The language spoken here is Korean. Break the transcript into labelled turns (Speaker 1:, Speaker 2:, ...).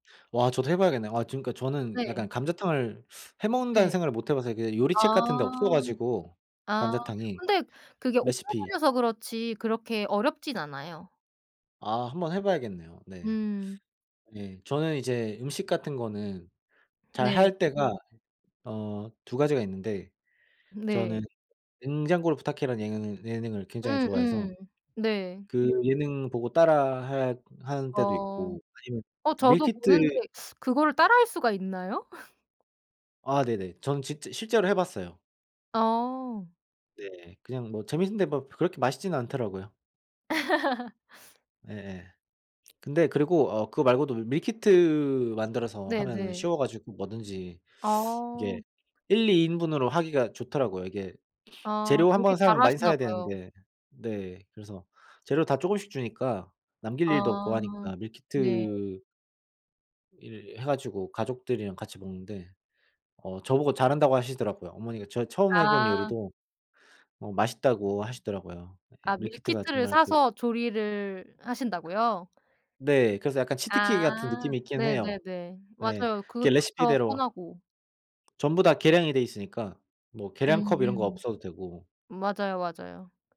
Speaker 1: 와. 저도 해봐야겠네. 아, 지금까지 저는
Speaker 2: 네.
Speaker 1: 약간 감자탕을 해 먹는다는
Speaker 2: 네.
Speaker 1: 생각을 못 해봐서 이게
Speaker 2: 아.
Speaker 1: 요리책 같은 데 없어가지고.
Speaker 2: 아.
Speaker 1: 감자탕이.
Speaker 2: 근데 그게 오래
Speaker 1: 레시피
Speaker 2: 걸려서 그렇지 그렇게 어렵진 않아요.
Speaker 1: 아. 한번 해봐야겠네요. 네.
Speaker 2: 음.
Speaker 1: 예. 저는 이제 음식 같은 거는
Speaker 2: 네.
Speaker 1: 잘할 때가 어 2 가지가 있는데
Speaker 2: 네.
Speaker 1: 저는 '냉장고를 부탁해'라는 예능 예능을 굉장히
Speaker 2: 음
Speaker 1: 좋아해서
Speaker 2: 음 네.
Speaker 1: 그 예능 보고 따라 할 하는 때도
Speaker 2: 어.
Speaker 1: 있고 아니면
Speaker 2: 어, 저도
Speaker 1: 밀키트
Speaker 2: 보는데 그거를 따라 할 수가 있나요?
Speaker 1: 아. 네네. 전 진짜 실제로 해봤어요.
Speaker 2: 어.
Speaker 1: 네. 그냥 뭐 재밌는데 뭐 그렇게 맛있지는 않더라고요. 예예. 근데 그리고 어 그거 말고도 밀키트 만들어서 하면은
Speaker 2: 네네.
Speaker 1: 쉬워가지고 뭐든지 이게
Speaker 2: 어.
Speaker 1: 1-2 인분으로 하기가 좋더라고요. 이게
Speaker 2: 아.
Speaker 1: 재료 한번
Speaker 2: 요리 잘
Speaker 1: 사면 많이
Speaker 2: 하시나
Speaker 1: 사야
Speaker 2: 봐요.
Speaker 1: 되는데 네. 그래서 재료 다 조금씩 주니까 남길 일도 없고
Speaker 2: 아.
Speaker 1: 하니까.
Speaker 2: 네.
Speaker 1: 밀키트 일 해가지고 가족들이랑 같이 먹는데 어 저보고 잘한다고 하시더라고요. 어머니가 저 처음 해본
Speaker 2: 아.
Speaker 1: 요리도 어 맛있다고 하시더라고요. 예.
Speaker 2: 아
Speaker 1: 밀키트가
Speaker 2: 밀키트를
Speaker 1: 정말 그
Speaker 2: 사서 조리를 하신다고요?
Speaker 1: 네. 그래서 약간 치트키 같은
Speaker 2: 아.
Speaker 1: 느낌이 있긴 해요.
Speaker 2: 네네네.
Speaker 1: 네.
Speaker 2: 맞아요.
Speaker 1: 걔
Speaker 2: 그것도 더
Speaker 1: 레시피대로
Speaker 2: 편하고.
Speaker 1: 전부 다 계량이 돼 있으니까 뭐 계량컵 이런 거
Speaker 2: 음.
Speaker 1: 없어도 되고.
Speaker 2: 맞아요, 맞아요.